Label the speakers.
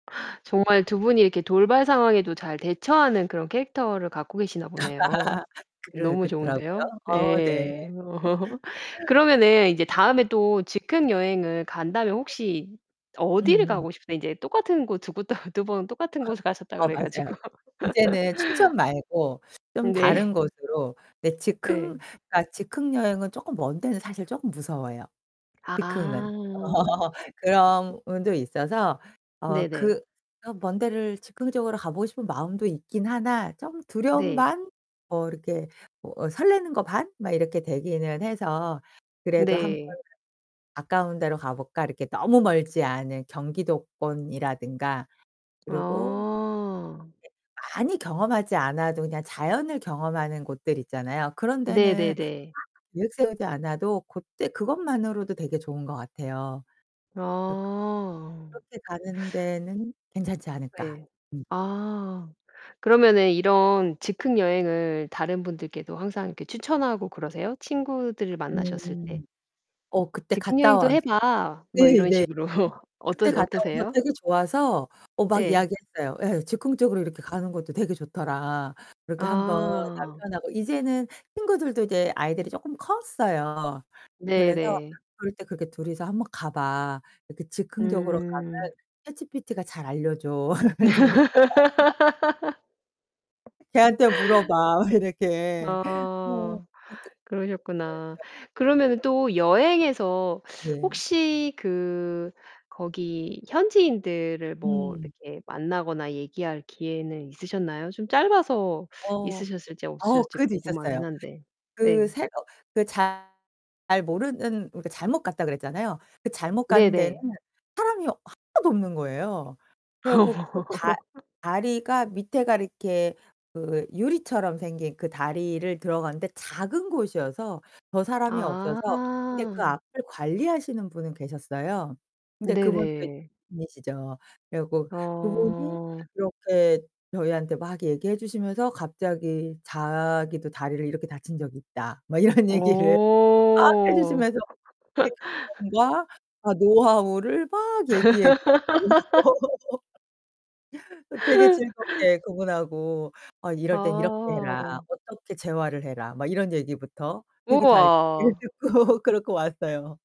Speaker 1: 정말 두 분이 이렇게 돌발 상황에도 잘 대처하는 그런 캐릭터를 갖고 계시나 보네요.
Speaker 2: 그러
Speaker 1: 너무
Speaker 2: 그렇더라고요.
Speaker 1: 좋은데요.
Speaker 2: 어, 네.
Speaker 1: 예. 그러면은 이제 다음에 또 즉흥 여행을 간다면 혹시 어디를
Speaker 2: 음음.
Speaker 1: 가고 싶으세요? 인제 똑같은 곳 두 곳 다 두 번 똑같은 곳을 가셨다
Speaker 2: 어,
Speaker 1: 그래
Speaker 2: 맞아요.
Speaker 1: 가지고.
Speaker 2: 이제는 춘천 말고 좀
Speaker 1: 네.
Speaker 2: 다른 곳으로 네
Speaker 1: 예.
Speaker 2: 즉흥 그러니까 즉흥여행은 쪼끔 먼 데는 사실 쪼끔 무서워요
Speaker 1: 아.
Speaker 2: 즉흥은. 그런 부분도 있어서 어
Speaker 1: 네네.
Speaker 2: 그 어 먼 데를 즉흥적으로 가 보고 싶은 마음도 있기는 하나 좀 두려움
Speaker 1: 네.
Speaker 2: 반 뭐 이렇게 뭐 어 설레는 거 반 막 이렇게 되기는 해서 그래도 한번
Speaker 1: 네.
Speaker 2: '가까운 데로 가볼까?' 이렇게 너무 멀지 않은 경기도권이라든가 그리고
Speaker 1: 아.
Speaker 2: [unintelligible] 많이 경험하지 않아도 그냥 자연을 경험하는 곳들 있잖아요. 그런 데는 [unintelligible]
Speaker 1: 네네네.
Speaker 2: 계획 세우지 않아도 고때 그것만으로도 되게 좋은 것 같아요. 그
Speaker 1: 아.
Speaker 2: '그렇게 가는 데는 괜찮지 않을까?'
Speaker 1: 네.
Speaker 2: 음.
Speaker 1: 아. 그러면은 이런 즉흥 여행을 다른 분들께도 항상 이렇게 추천하고 그러세요? 친구들을 만나셨을 때
Speaker 2: 음. 어 그때
Speaker 1: "즉흥
Speaker 2: 갔다
Speaker 1: 여행도
Speaker 2: 와서
Speaker 1: 해 봐." 뭐
Speaker 2: 네
Speaker 1: 이런
Speaker 2: 네.
Speaker 1: 식으로.
Speaker 2: 그때
Speaker 1: 어떠세
Speaker 2: 갔다 와서
Speaker 1: 어떠세요?
Speaker 2: 되게 좋아서 어 막
Speaker 1: 예.
Speaker 2: 이야기했어요. 예, "즉흥적으로 이렇게 가는 것도 되게 좋더라." 그렇게 한번
Speaker 1: 아.
Speaker 2: 남편하고 이제는 친구들도 이제 아이들이 쪼끔 컸어요. 그래서
Speaker 1: 네네.
Speaker 2: "그럴 때 그렇게 둘이서 한번 가봐. 이렇게 즉흥적으로
Speaker 1: 음.
Speaker 2: 가면 ChatGPT가 잘 알려줘." "걔한테 물어봐." 이렇게 네. 이렇게
Speaker 1: 아
Speaker 2: 그랬죠.
Speaker 1: 그러셨구나. 그러면은 또 여행에서
Speaker 2: 네.
Speaker 1: 혹시 그 거기 현지인들을 뭐
Speaker 2: 음.
Speaker 1: 이렇게 만나거나 얘기할 기회는 있으셨나요? 좀 짧아서
Speaker 2: 어.
Speaker 1: 있으셨을지
Speaker 2: 어
Speaker 1: 없으셨을지
Speaker 2: 그것도 있었어요.
Speaker 1: 궁금하기는 한데.
Speaker 2: 그
Speaker 1: 네.
Speaker 2: 새어 그 잘 모르는 그러니까 잘못 갔다 그랬잖아요. 그 잘못 간 데는
Speaker 1: 네네.
Speaker 2: 사람이 하나도 없는 거예요. 그래 갖고 그 다 다리가 밑에가 이렇게 그 유리처럼 생긴 그 다리를 들어가는데 작은 곳이어서 더 사람이 없어서 근데 그
Speaker 1: 아.
Speaker 2: 앞을 관리하시는 분은 계셨어요. 근데 그분도 [unintelligible]
Speaker 1: 네네.
Speaker 2: 이시죠. 그래 갖고 그분이
Speaker 1: 어.
Speaker 2: 이렇게 저희한테 막 얘기해 주시면서 갑자기 자기도 다리를 이렇게 다친 적이 있다 뭐 이런 얘기를 막 해
Speaker 1: 오.
Speaker 2: 주시면서 예 경험과 아 노하우를 막 얘기해 [unintelligible] 그 되게 즐겁게 그분하고 "어 이럴 땐 이렇게 해라.
Speaker 1: 아.
Speaker 2: 어떻게 재활을 해라." 막 이런 얘기부터 되게 잘 얘기를
Speaker 1: 우와.
Speaker 2: 듣고 그러고 왔어요.